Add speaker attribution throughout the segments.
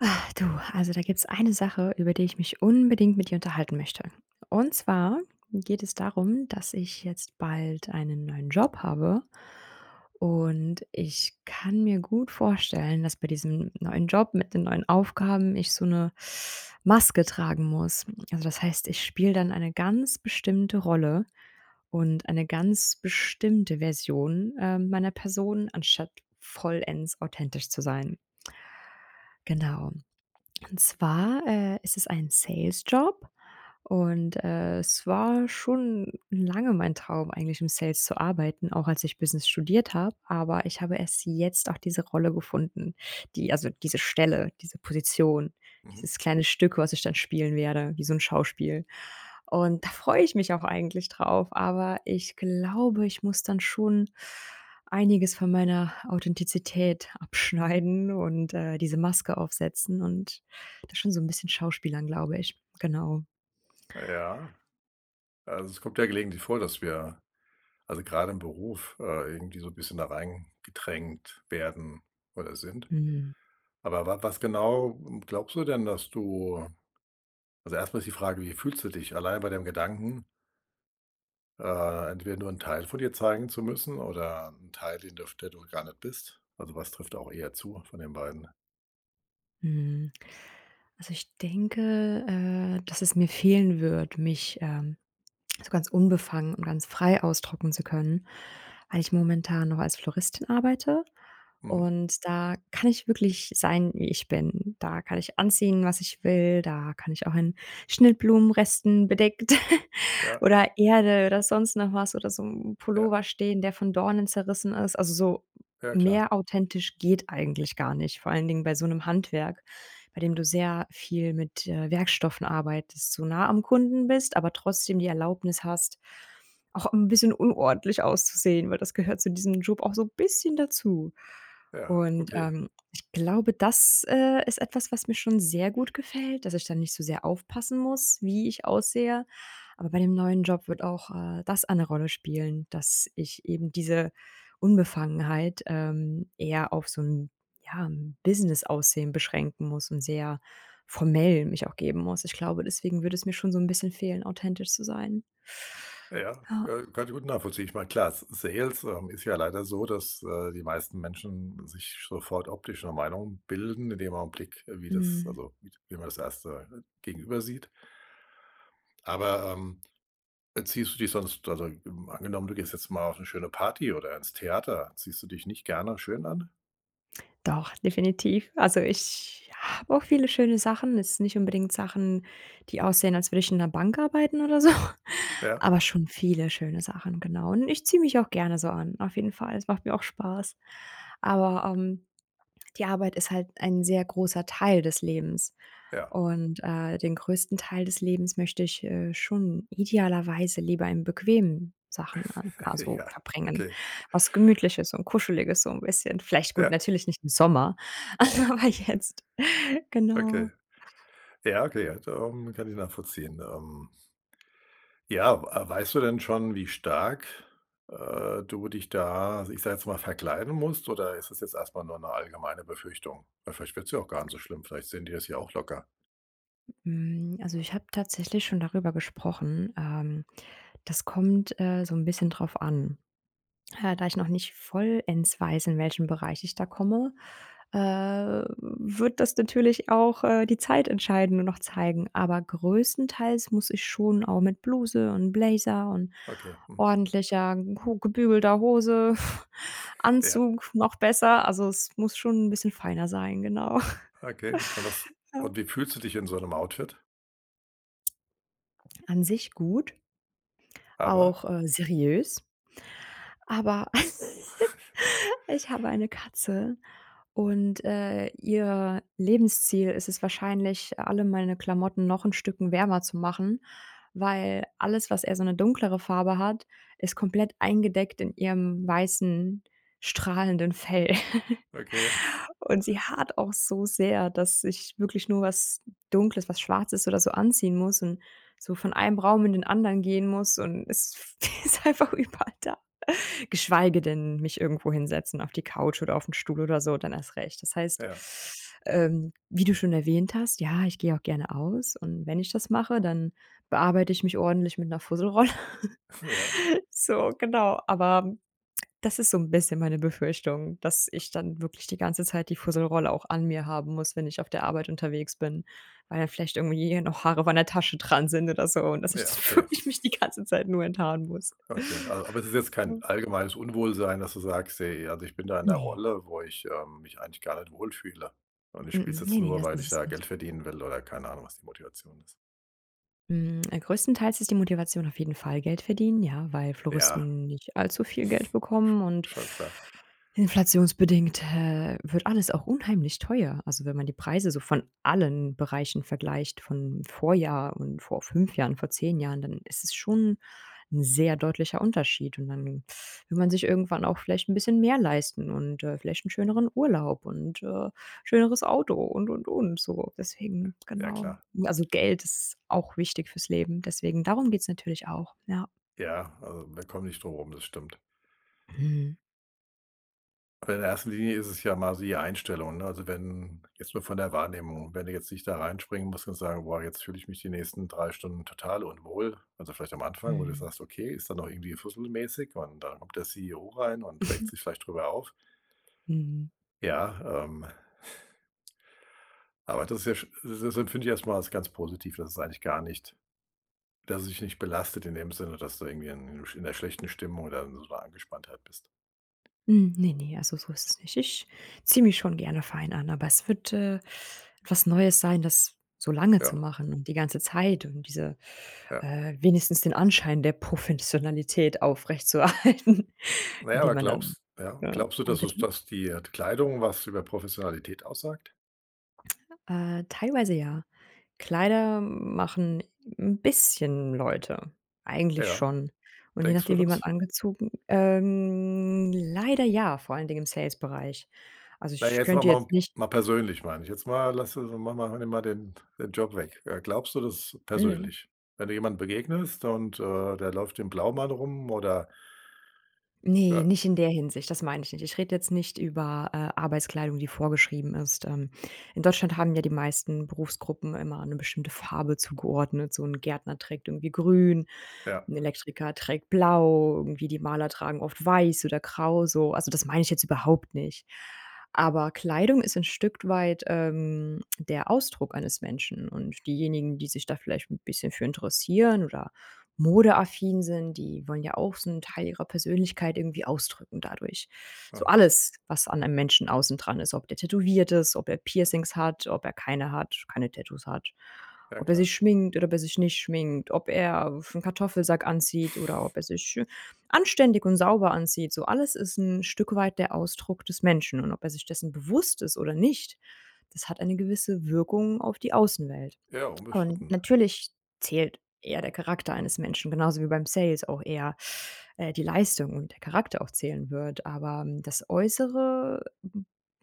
Speaker 1: Ah, du, also, da gibt's eine Sache, über die ich mich unbedingt mit dir unterhalten möchte. Und zwar geht es darum, dass ich jetzt bald einen neuen Job habe und ich kann mir gut vorstellen, dass bei diesem neuen Job mit den neuen Aufgaben ich so 'ne Maske tragen muss. Also, das heißt, ich spiele dann eine ganz bestimmte Rolle und eine ganz bestimmte Version, ähm, meiner Person, anstatt vollends authentisch zu sein. Genau. Und zwar, äh, ist es ein Sales-Job und, äh, es war schon lange mein Traum eigentlich, im Sales zu arbeiten, auch als ich Business studiert habe, aber ich habe erst jetzt auch diese Rolle gefunden, die also, diese Stelle, diese Position,
Speaker 2: Mhm.
Speaker 1: dieses kleine Stück, was ich dann spielen werde, wie so 'n Schauspiel. Und da freue ich mich auch eigentlich drauf, aber ich glaube, ich muss dann schon einiges von meiner Authentizität abschneiden und, äh, diese Maske aufsetzen und das ist schon so 'n bisschen schauspielern, glaube ich genau.
Speaker 2: Ja, also, es kommt ja gelegentlich vor, dass wir also, gerade im Beruf, äh, irgendwie so 'n bisschen da reingedrängt werden oder sind,
Speaker 1: Mhm.
Speaker 2: aber wa was genau, ähm, glaubst du denn, dass du also, erstmal ist die Frage: „Wie fühlst du dich allein bei dem Gedanken?” Äh, entweder nur 'n Teil von dir zeigen zu müssen oder 'n Teil, den du f der du gar nicht bist. Also, was trifft auch eher zu von den beiden?
Speaker 1: Mhm. Also ich denke, äh, dass es mir fehlen würde, mich, ähm, so ganz unbefangen und ganz frei ausdrücken zu können, weil ich momentan noch als Floristin arbeite
Speaker 2: Mhm.
Speaker 1: und da kann ich wirklich sein, wie ich bin, da kann ich anziehen, was ich will, da kann ich auch in Schnittblumenresten bedeckt
Speaker 2: Ja.
Speaker 1: oder Erde oder sonst noch was oder so 'n
Speaker 2: Ja.
Speaker 1: Pullover stehen, der von Dornen zerrissen ist. Also, so
Speaker 2: Ja, klar.
Speaker 1: mehr authentisch geht eigentlich gar nicht, vor allen Dingen bei so 'nem Handwerk, bei dem du sehr viel mit, äh, Werkstoffen arbeitest so nah am Kunden bist, aber trotzdem die Erlaubnis hast, auch 'n bisschen unordentlich auszusehen, weil das gehört zu diesem Job auch so bisschen dazu.
Speaker 2: Ja,
Speaker 1: Und,
Speaker 2: okay.
Speaker 1: ähm, ich glaube, das, äh, ist etwas, was mir schon sehr gut gefällt, dass ich da nicht so sehr aufpassen muss, wie ich aussehe. Aber bei dem neuen Job wird auch, äh, das eine Rolle spielen, dass ich eben diese Unbefangenheit, ähm, eher auf so 'n ja 'n Business-Aussehen beschränken muss und sehr formell mich auch geben muss. Ich glaube, deswegen würde es mir schon so 'n bisschen fehlen, authentisch zu sein.
Speaker 2: Ja, ja,
Speaker 1: Ja.
Speaker 2: äh, kann ich gut nachvollziehen. Ich meine, klar, S Sales, ähm, ist ja leider so, dass, äh, die meisten Menschen sich sofort optisch 'ne Meinung bilden, in dem Augenblick, wie das
Speaker 1: Mhm.
Speaker 2: also, wie d wie man das erste Gegenüber sieht. Aber, ähm, ziehst du dich sonst also, ähm, angenommen, du gehst jetzt mal auf 'ne schöne Party oder ins Theater, ziehst du dich nicht gerne schön an?
Speaker 1: Doch, definitiv. Also, ich habe auch viele schöne Sachen. Jetzt nicht unbedingt Sachen, die aussehen, als würde ich in 'ner Bank arbeiten oder so,
Speaker 2: Ja.
Speaker 1: aber schon viele schöne Sachen, genau. Und ich ziehe mich auch gerne so an. Auf jeden Fall. Das macht mir auch Spaß. Aber, ähm, die Arbeit ist halt ein sehr großer Teil des Lebens.
Speaker 2: Ja.
Speaker 1: Und, äh, den größten Teil des Lebens möchte ich, äh, schon idealerweise lieber in bequemen Sachen an also,
Speaker 2: Ja,
Speaker 1: verbringen.
Speaker 2: okay.
Speaker 1: Was Gemütliches und Kuscheliges so 'n bisschen, vielleicht gut,
Speaker 2: Ja.
Speaker 1: natürlich nicht im Sommer, [unintelligible] jetzt, genau.
Speaker 2: Okay. Ja, okay, also [unintelligible] kann ich nachvollziehen, ähm Ja, ab äh, weißt du denn schon, wie stark, äh, du dich da, ich sage jetzt mal, verkleiden musst? Oder ist das jetzt erstmal nur 'ne allgemeine Befürchtung? Weil vielleicht wird's ja auch gar nicht so schlimm. Vielleicht sehen die das ja auch locker.
Speaker 1: Hm, also, ich habe tatsächlich schon darüber gesprochen, ähm, das kommt, äh, so ’n bisschen drauf an. Äh, da ich noch nicht vollends weiß, in welchen Bereich ich da komme, äh, wird das natürlich auch, äh, die Zeit entscheiden und noch zeigen, aber größtenteils muss ich schon auch mit Bluse und Blazer und
Speaker 2: Okay, mhm.
Speaker 1: ordentlicher, gut gebügelter Hose,
Speaker 2: Ja.
Speaker 1: Anzug noch besser. Also, es muss schon 'n bisschen feiner sein, genau.
Speaker 2: Okay. Und was
Speaker 1: Ja.
Speaker 2: und wie fühlst du dich in so 'nem Outfit?
Speaker 1: An sich gut.
Speaker 2: Aber?
Speaker 1: Auch, äh, seriös aber ich habe eine Katze und, äh, ihr Lebensziel ist es wahrscheinlich, alle meine Klamotten noch 'n Stücken wärmer zu machen, weil alles, was eher so 'ne dunklere Farbe hat, ist komplett eingedeckt in ihrem weißen strahlenden Fell.
Speaker 2: Okay.
Speaker 1: Und sie haart auch so sehr, dass ich wirklich nur was Dunkles was Schwarzes oder so anziehen muss und so von einem Raum in den anderen gehen muss und es ist einfach überall da geschweige denn, mich irgendwo hinsetzen auf die Couch oder auf ´n Stuhl oder so, dann erst recht. Das heißt,
Speaker 2: Ja.
Speaker 1: ähm, wie du schon erwähnt hast: „Ja, ich gehe auch gerne aus”, und wenn ich das mache, dann bearbeite ich mich ordentlich mit ´ner Fusselrolle.
Speaker 2: Ja.
Speaker 1: So, genau, aber das ist so ´n bisschen meine Befürchtung, dass ich dann wirklich die ganze Zeit die Fusselrolle auch an mir haben muss, wenn ich auf der Arbeit unterwegs bin, weil dann vielleicht irgendwie noch Haare auch an der Tasche dran sind oder so und dass ich
Speaker 2: Ja,
Speaker 1: dann
Speaker 2: okay.
Speaker 1: wirklich mich die ganze Zeit nur enthaaren muss.
Speaker 2: Okay. Also aber es ist jetzt kein
Speaker 1: [unintelligible]
Speaker 2: allgemeines Unwohlsein, dass du sagst: „Hey, also, ich bin da in ´ner
Speaker 1: Ne.
Speaker 2: Rolle, wo ich, ähm, mich eigentlich gar nicht wohlfühle und ich spiele es
Speaker 1: Mm. Ne,
Speaker 2: jetzt
Speaker 1: ne,
Speaker 2: nur,
Speaker 1: das
Speaker 2: weil ich
Speaker 1: ist es
Speaker 2: da
Speaker 1: nicht.
Speaker 2: Geld verdienen will“ oder keine Ahnung, was die Motivation ist.
Speaker 1: Mm, größtenteils ist die Motivation auf jeden Fall Geld verdienen, ja, weil
Speaker 2: Ja
Speaker 1: Floristen nicht allzu viel Geld bekommen und
Speaker 2: Sch schon klar.
Speaker 1: inflationsbedingt, äh, wird alles auch unheimlich teuer, also, wenn man die Preise von allen Bereichen vergleicht, vom Vorjahr und vor 5 Jahren, vor 10 Jahren, dann ist es schon 'n sehr deutlicher Unterschied und dann will man sich irgendwann auch vielleicht 'n bisschen mehr leisten und, äh, vielleicht 'n schöneren Urlaub und, äh, schöneres Auto und, und, und, so deswegen
Speaker 2: Ja
Speaker 1: genau.
Speaker 2: klar.
Speaker 1: Also, Geld ist auch wichtig fürs Leben, deswegen darum geht's natürlich auch, ja.
Speaker 2: Ja, äh, wir kommen nicht drumrum. Das stimmt.
Speaker 1: Mhm.
Speaker 2: Aber in der ersten Linie ist es ja mal siehe Einstellung, ne? Also, wenn jetzt nur von der Wahrnehmung, wenn du jetzt nicht da reinspringen musst und sagen: „Boah, jetzt fühle ich mich die nächsten 3 Stunden total unwohl.” Also, vielleicht am Anfang, wo du
Speaker 1: Mhm.
Speaker 2: sagst: „Okay, ist da noch irgendwie fusselmäßig”, und da kommt der CEO rein und regt sich vielleicht drüber auf.
Speaker 1: Mhm.
Speaker 2: Ja, ähm aber das ist ja sch das empfinde ich erstmal alles ganz positiv, dass es eigentlich gar nicht dass es dich nicht belastet in dem Sinne, dass du irgendwie in in 'ner schlechten Stimmung oder so 'ner Angespanntheit bist.
Speaker 1: Hm, ne, ne. Also, so ist es nicht. Ich ziehe mich schon gerne fein an, aber es wird, äh, was Neues sein, das so lange zu
Speaker 2: Ja.
Speaker 1: machen und die ganze Zeit und diese,
Speaker 2: Ja.
Speaker 1: äh, wenigstens den Anschein der Professionalität aufrecht zuerhalten,
Speaker 2: Na ja,
Speaker 1: indem
Speaker 2: aber
Speaker 1: man dann
Speaker 2: glaubst ja,
Speaker 1: äh,
Speaker 2: glaubst du,
Speaker 1: ja
Speaker 2: dass
Speaker 1: bitte?
Speaker 2: es dass die, äh, Kleidung was über Professionalität aussagt?
Speaker 1: Äh, teilweise ja. Kleider machen 'n bisschen Leute eigentlich
Speaker 2: Ja.
Speaker 1: schon. Und je
Speaker 2: Denkst du
Speaker 1: nachdem, wie man
Speaker 2: das?
Speaker 1: angezogen ähm, leider ja, vor allen Dingen im Sales Bereich. Also,
Speaker 2: Na,
Speaker 1: ich
Speaker 2: jetzt wollen
Speaker 1: könnte
Speaker 2: wir mal,
Speaker 1: jetzt nicht
Speaker 2: mal persönlich, meine ich jetzt mal Lass ma mal nimm mal den, den Job weg. Äh, glaubst du das
Speaker 1: Mhm.
Speaker 2: persönlich, wenn du jemanden begegnest und, äh, der läuft im Blaumann rum, oder?
Speaker 1: Ne,
Speaker 2: Ja.
Speaker 1: nicht in der Hinsicht. Das meine ich nicht. Ich rede jetzt nicht über, äh, Arbeitskleidung, die vorgeschrieben ist, ähm. In Deutschland haben ja die meisten Berufsgruppen immer eine bestimmte Farbe zugeordnet, so 'n Gärtner trägt irgendwie Grün,
Speaker 2: Ja.
Speaker 1: 'n Elektriker trägt blau irgendwie. Die Maler tragen oft weiß oder grau, so also, das meine ich jetzt überhaupt nicht. Aber Kleidung ist 'n Stück weit, ähm, der Ausdruck eines Menschen und diejenigen, die sich da vielleicht 'n bisschen für interessieren oder modeaffin sind. Die wollen ja auch so 'n Teil ihrer Persönlichkeit irgendwie ausdrücken dadurch. So
Speaker 2: Aha.
Speaker 1: alles, was an einem Menschen außen dran ist, ob der tätowiert ist, ob er Piercings hat, ob er keine hat, keine Tattoos hat.
Speaker 2: Ja
Speaker 1: Ob er
Speaker 2: klar.
Speaker 1: sich schminkt oder ob er sich nicht schminkt, ob er auf 'n Kartoffelsack anzieht oder ob er sich anständig und sauber anzieht, so alles ist 'n Stück weit der Ausdruck des Menschen und ob er sich dessen bewusst ist oder nicht, das hat eine gewisse Wirkung auf die Außenwelt.
Speaker 2: Ja
Speaker 1: Und
Speaker 2: unbestritten.
Speaker 1: natürlich zählt eher der Charakter eines Menschen genauso wie beim Sales auch eher, äh, die Leistung und der Charakter auch zählen wird. Aber das äußere,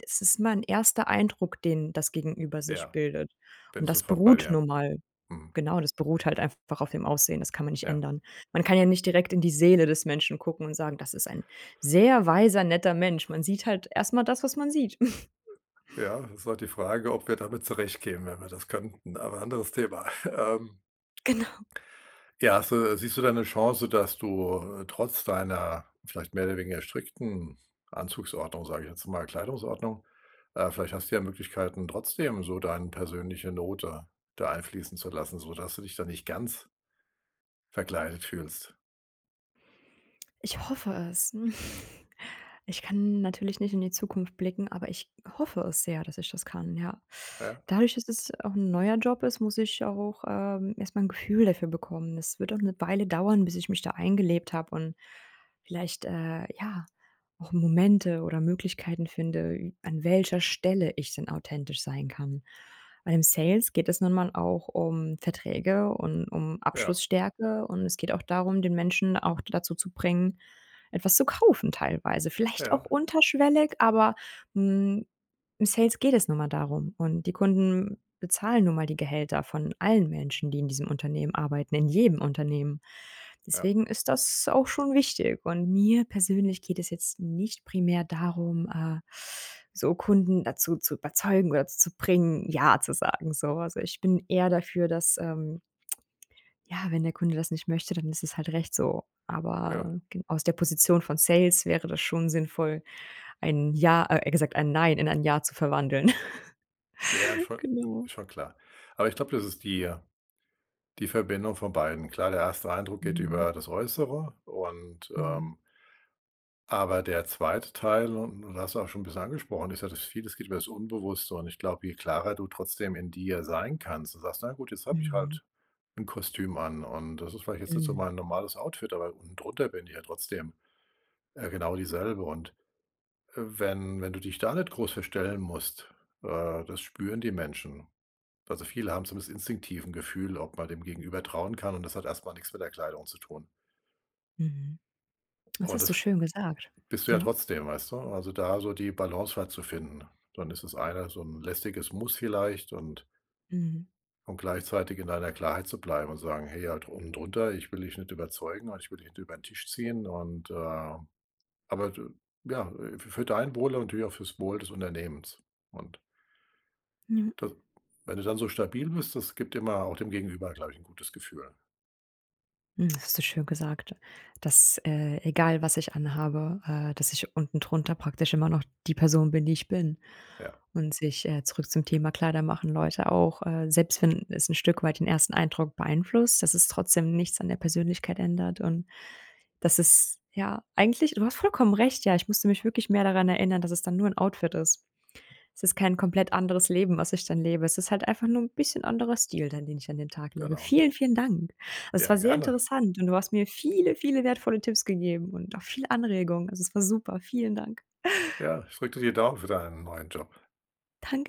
Speaker 1: das ist mein erster Eindruck, den das gegenüber sich
Speaker 2: Ja.
Speaker 1: bildet.
Speaker 2: Bin
Speaker 1: Und
Speaker 2: ich
Speaker 1: das
Speaker 2: sofort bei
Speaker 1: beruht
Speaker 2: dir.
Speaker 1: nun mal
Speaker 2: Mhm.
Speaker 1: genau das beruht halt einfach auf dem Aussehen. Das kann man nicht
Speaker 2: Ja.
Speaker 1: ändern. Man kann ja nicht direkt in die Seele des Menschen gucken und sagen, das ist ein sehr weiser, netter Mensch. Man sieht halt erst mal das, was man sieht.
Speaker 2: Ja, ist halt die Frage, ob wir damit zurechtkämen, wenn wir das könnten. Aber anderes Thema, ähm
Speaker 1: Genau.
Speaker 2: Ja. Hast du siehst du da 'ne Chance, dass du, äh, trotz deiner vielleicht mehr oder weniger strickten Anzugsordnung, sage ich jetzt mal, Kleidungsordnung. Äh, vielleicht hast du ja Möglichkeiten, trotzdem so dein persönliche Note da einfließen zu lassen, sodass du dich da nicht ganz verkleidet fühlst.
Speaker 1: Ich hoffe es. Ich kann natürlich nicht in die Zukunft blicken, aber ich hoffe es sehr, dass ich das kann, ja.
Speaker 2: Ja.
Speaker 1: Dadurch, dass es auch 'n neuer Job ist, muss ich auch, ähm, erstmal 'n Gefühl dafür bekommen. Es wird auch 'ne Weile dauern, bis ich mich da eingelebt habe und vielleicht, äh, ja, auch Momente oder Möglichkeiten finde, ü an welcher Stelle ich denn authentisch sein kann, weil im Sales geht es nun mal auch um Verträge und um
Speaker 2: Ja.
Speaker 1: Abschlussstärke, und es geht auch darum, den Menschen auch dazu zu bringen, etwas zu kaufen teilweise vielleicht
Speaker 2: Ja.
Speaker 1: auch unterschwellig, aber, hm, im Sales geht es nun mal darum, und die Kunden bezahlen nun mal die Gehälter von allen Menschen, die in diesem Unternehmen arbeiten, in jedem Unternehmen.
Speaker 2: Ja.
Speaker 1: Deswegen ist das auch schon wichtig und mir persönlich geht es jetzt nicht primär darum, äh, so Kunden dazu zu überzeugen oder zu bringen, Ja zu sagen, so, also ich bin eher dafür, dass, ähm ja, wenn der Kunde das nicht möchte, dann ist es halt recht so,
Speaker 2: Ja.
Speaker 1: aber g aus der Position von Sales wäre das schon sinnvoll, ein Ja eher gesagt ein Nein in ein Ja zu verwandeln.
Speaker 2: Ja, schon
Speaker 1: Genau.
Speaker 2: schon klar, aber ich glaube, das ist die die Verbindung von beiden klar, der 1. Eindruck geht
Speaker 1: Mhm.
Speaker 2: über das Äußere und,
Speaker 1: Mhm.
Speaker 2: ähm aber der 2. Teil, un und hast du auch schon 'n bisschen angesprochen, ist ja, dass vieles geht über das Unbewusste, und ich glaube, je klarer du trotzdem in dir sein kannst du sagst: „Na gut, jetzt habe ich
Speaker 1: Mhm.
Speaker 2: halt 'n Kostüm an, und das ist vielleicht jetzt nicht so
Speaker 1: Mhm.
Speaker 2: mein normales Outfit, aber unten drunter bin ich ja trotzdem, äh, genau dieselbe.” Und, äh, wenn wenn du dich da nicht groß verstellen musst, äh, das spüren die Menschen. Also viele haben so das instinktiven Gefühl, ob man dem Gegenüber trauen kann, und das hat erstmal nix mit der Kleidung zu tun.
Speaker 1: Mhm, das
Speaker 2: Oh,
Speaker 1: hast du
Speaker 2: das
Speaker 1: schön gesagt,
Speaker 2: bist du ja
Speaker 1: ja.
Speaker 2: trotzdem, weißt du, also, da so die Balance halt zu finden. Dann ist es einer so 'n lästiges Muss vielleicht und
Speaker 1: Mhm.
Speaker 2: und gleichzeitig in deiner Klarheit zu bleiben und sagen: „Hey, ja, unten drunter, ich will dich nicht überzeugen und ich will dich nicht über 'n Tisch ziehen.” Und, äh aber du ja, äh, fü für dein Wohl und natürlich auch für's Wohl des Unternehmens und
Speaker 1: Mhm.
Speaker 2: d wenn du dann so stabil bist, das gibt immer auch dem Gegenüber gleich 'n gutes Gefühl.
Speaker 1: Hm, hast du schön gesagt, dass, äh, egal was ich anhabe, äh, dass ich unten drunter praktisch immer noch die Person bin, die ich bin,
Speaker 2: Ja.
Speaker 1: und sich äh, zurück zum Thema „Kleider machen Leute“, auch, äh, selbst wenn es 'n Stück weit den ersten Eindruck beeinflusst, dass es trotzdem nichts an der Persönlichkeit ändert, und das ist ja, eigentlich du hast vollkommen recht, ja, ich müsste mich wirklich mehr daran erinnern, dass es dann nur 'n Outfit ist. Es ist kein komplett anderes Leben, was ich dann lebe. Es ist halt einfach nur 'n bisschen anderer Stil dann, den ich an den Tag lege.
Speaker 2: Genau.
Speaker 1: Vielen, vielen Dank. Es
Speaker 2: Ja
Speaker 1: war sehr
Speaker 2: gerne.
Speaker 1: interessant und du hast mir viele, viele wertvolle Tipps gegeben und auch viel Anregung. Also, es war super. Vielen Dank.
Speaker 2: Ja. Ich drücke dir die Daumen für deinen neuen Job.
Speaker 1: Danke.